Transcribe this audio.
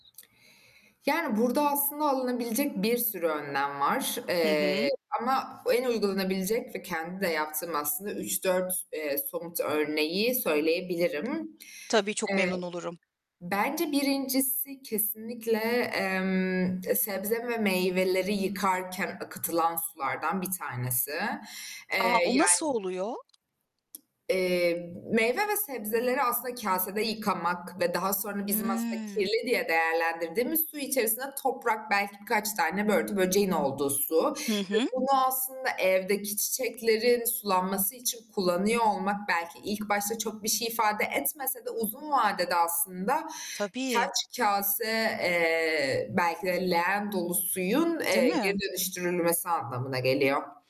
Yani, burada aslında alınabilecek bir sürü önlem var, Hı eee, hı. ama en uygulanabilecek ve kendimin de yaptığım aslında 3-4 eee, somut örneği söyleyebilirim. Tabii, çok Eee, memnun olurum. bence 1.'si kesinlikle, emm, e sebze ve meyveleri yıkarken akıtılan sulardan 1 tanesi. Eee, A, o nasıl yani oluyor? Eee, meyve ve sebzeleri aslında kâsede yıkamak ve daha sonra bizim aslında Hıı. kirli diye değerlendirdiğimiz su içerisine toprak belki birkaç tane börtü böceğin olduğu su ve Hı hı. bunu aslında evdeki çiçeklerin sulanması için kullanıyor olmak belki ilk başta çok bir şey ifade etmese de uzun vadede aslında Tabii. kaç kâse, eee, belki de leğen dolu suyun, Değil eee, geri mi? dönüştürülmesi anlamına geliyor.